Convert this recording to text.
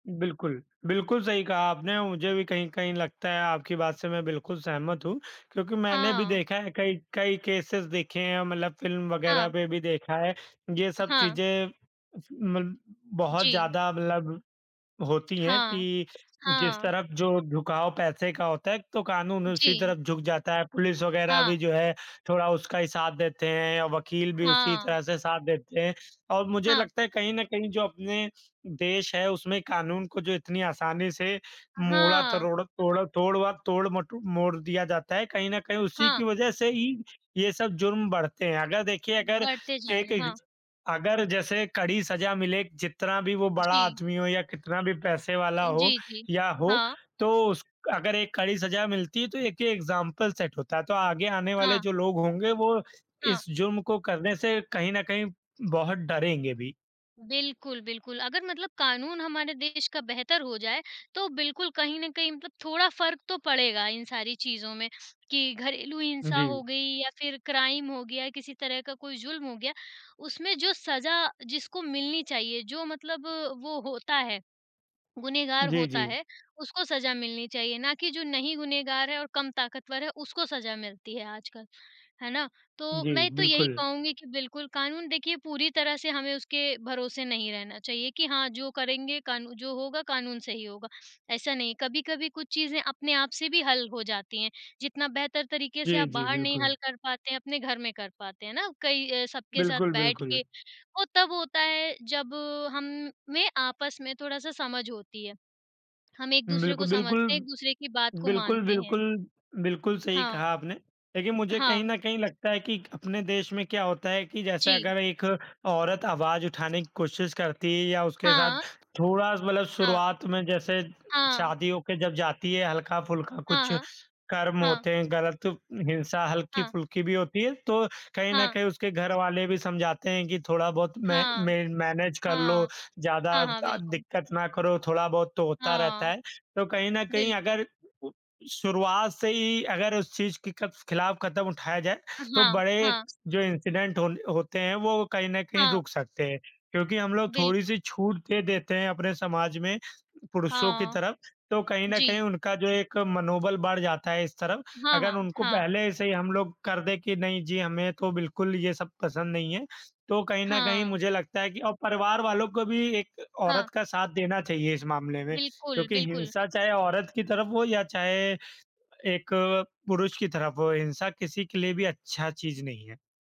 बिल्कुल, बिल्कुल सही कहा आपने, मुझे भी कहीं-कहीं लगता है, आपकी बात से मैं बिल्कुल सहमत हूँ क्योंकि मैंने भी हाँ। देखा है कई कई केसेज़ देखे हैं मतलब फ़िल्म वगैरह हाँ। पे भी देखा है, ये अ, सब हाँ। चीज़ें मल बहुत जी। ज़्यादा मतलब होती हैं हाँ। कि जिस हाँ। तरफ जो झुकाव पैसे का होता है, तो कानून उसी जी। तरफ झुक जाता है, पुलिस वगैरह हाँ। भी जो है थोड़ा उसका ही साथ देते हैं, वकील भी उसी हाँ। तरह से साथ देते हैं। और मुझे हाँ। लगता है कहीं न कहीं जो अपने देश है उसमें कानून को जो इतनी आसानी से अ, मोड़ा, हाँ। तरोड़ तोड़ तोड़ व तोड़ मटो मोड़ दिया जाता है, कहीं न कहीं उसी हाँ। की वजह से ही ये सब जुर्म बढ़ते हैं, अगर देखिए अगर बढ़ते जा रहे एक हैं, हाँ। एग्ज अगर जैसे कड़ी सज़ा मिले जितना भी वो बड़ा जी। आदमी हो या कितना भी पैसे अ, वाला हो जी, जी। या हो हाँ। तो उस अगर एक कड़ी सज़ा मिलती है तो एक ये एग्ज़ाम्पल सेट होता है, तो आगे आने वाले हाँ। जो लोग होंगे वो हाँ। इस जुर्म को करने से कहीं न कहीं बहुत डरेंगे भी। बिल्कुल, बिल्कुल अगर मतलब कानून हमारे देश का बेहतर हो जाए, तो बिल्कुल कहीं न कहीं मतलब थोड़ा फ़र्क तो पड़ेगा इन सारी चीज़ों में कि घरेलू हिंसा हो जी। गई या फिर क्राइम हो गया, किसी तरह का कोई जुल्म हो गया, उसमें जो सज़ा जिसको मिलनी चाहिए, जो मतलब वो होता है, गुनहगार जी, होता जी। है, उसको सज़ा मिलनी चाहिए ना कि जो नहीं गुनहगार है और कम ताकतवर है, उसको सज़ा मिलती है आजकल। है ना? तो जी, मैं तो यही बिल्कुल। कहूँगी कि बिल्कुल कानून देखिए पूरी तरह से हमें उसके भरोसे नहीं रहना चाहिए कि हाँ, जो करेंगे कानू जो होगा कानून से ही होगा, ऐसा नहीं कभी-कभी कुछ चीज़ें अपने आप से भी हल हो जाती हैं, जितना बेहतर तरीके से जी, आप जी, बाहर नहीं बिल्कुल। हल कर पाते हैं, अपने घर में कर पाते हैं ना, कई अ, सबके साथ बिल्कुल, बैठ के बिल्कुल। वो तब होता है जब हम में आपस में थोड़ा-सा समझ होती है। हम एक-दूसरे को बिल्कुल, समझते हैं, बिल्कुल। एक-दूसरे की बात को बिल्कुल, मानते हैं। बिल्कुल, बिल्कुल सही हाँ। कहा आपने, लेकिन मुझे कहीं हाँ। न कहीं लगता है कि अपने देश में क्या होता है कि जैसे जी। अगर एक औरत आवाज़ उठाने की कोशिश करती है या उसके साथ हाँ। थोड़ा-सा मतलब हाँ। शुरुआत में जैसे हाँ। शादी होके जब जाती है, हल्का-फुल्का हाँ, कुछ हाँ। कर्म हाँ। होते हैं गलत हिंसा हाँ। हल्की-फुल्की भी होती है, तो कहीं न हाँ। कहीं उसके घरवाले भी समझाते हैं कि थोड़ा-बहुत मै, हाँ। मै मैनेज कर लो, हाँ। ज़्यादा हाँ, हाँ, अ, बिल्कुल। दिक्कत ना करो, थोड़ा-बहुत तो होता रहता हाँ। है, तो कहीं न कहीं बिल्कुल। अगर शुरुआत से ही अगर उस चीज़ के कफ ख़िलाफ़ कदम उठाया जाए उ तो हाँ, बड़े हाँ। जो इंसिडेंट हो होते हैं, वो कहीं न कहीं हाँ। रुक सकते हैं। क्योंकि हम लोग बिल्कुल। थोड़ी-सी छूट दे देते हैं अपने समाज में पुरुषों की हाँ। तरफ तो कहीं न कहीं जी। उनका जो एक मनोबल बढ़ जाता है इस तरफ, हाँ, अगर हाँ, उनको हाँ। पहले से ही हम लोग कर दें कि नहीं जी, हमें तो बिल्कुल ये सब पसंद नहीं है, तो कहीं न कहीं हाँ। मुझे लगता है कि और परिवार वालों को भी एक हाँ। औरत का साथ देना चाहिए इस मामले में बिल्कुल, क्योंकि बिल्कुल। हिंसा चाहे औरत की तरफ हो या चाहे एक पुरुष की तरफ हो, हिंसा किसी के लिए भी अच्छा चीज़ नहीं है।